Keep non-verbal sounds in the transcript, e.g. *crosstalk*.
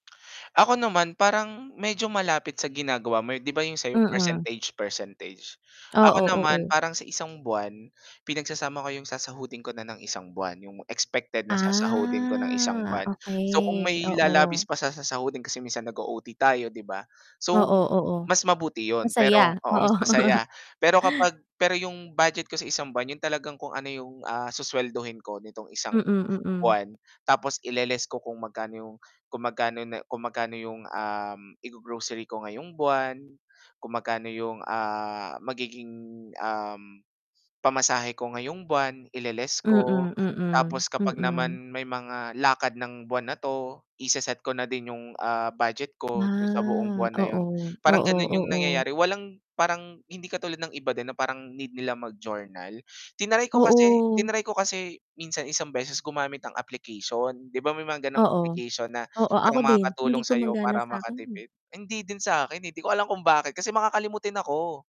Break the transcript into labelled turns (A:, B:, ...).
A: Ako naman parang medyo malapit sa ginagawa mo, 'di ba, 'yong sa 'yo
B: Mm.
A: percentage-percentage. Ako
B: Oo,
A: naman
B: oo.
A: parang sa isang buwan, pinagsasama ko 'yong sasahudin ko na ng isang buwan, 'yong expected na sasahudin ko ng isang
B: Ah,
A: buwan. So kung
B: okey,
A: may
B: oo.
A: lalabis pa sa sasahudin kasi minsan nag-o-OT tayo, 'di ba. So
B: Oo, oo.
A: mas mabuti iyon pero
B: Masaya,
A: oo,
B: oo.
A: mas
B: *chuckles*
A: masaya. Pero kapag pero 'yong budget ko sa isang buwan 'yon talagang kung, ano, 'yong, ah, suswelduhin ko nitong isang
B: Mm, mm.
A: buwan, tapos ile-less ko kung magkano 'yong kung magkano na kung magkano 'yong, um, igo-grocery ko ngayong buwan, kung magkano 'yong, ah, magiging, um, pamasahe ko ngayong buwan, ile-less
B: Mm,
A: ko.
B: mm,
A: Tapos kapag
B: mm.
A: naman may mga lakad ng buwan na 'to i-se-set ko na din 'yong, ah, budget ko do'n sa buong
B: Ah.
A: buwan na 'yon.
B: Oo,
A: Parang
B: oo,
A: gano'n 'yong
B: oo.
A: nangyayari. Walang parang hindi katulad ng iba din na parang need nila mag-journal. Tinry ko kasi
B: Oo.
A: tinaray ko kasi minsan isang beses gumamit ang application. 'Di ba may mga gano'ng
B: Oo.
A: application na
B: Oo, ako
A: parang
B: din hindi
A: makakatulong sa 'yo
B: gumagana
A: para
B: sa 'kin, eh.
A: makatipid. Hindi din sa 'kin, eh. 'Di ko alam kung bakit kasi makakalimutin ako.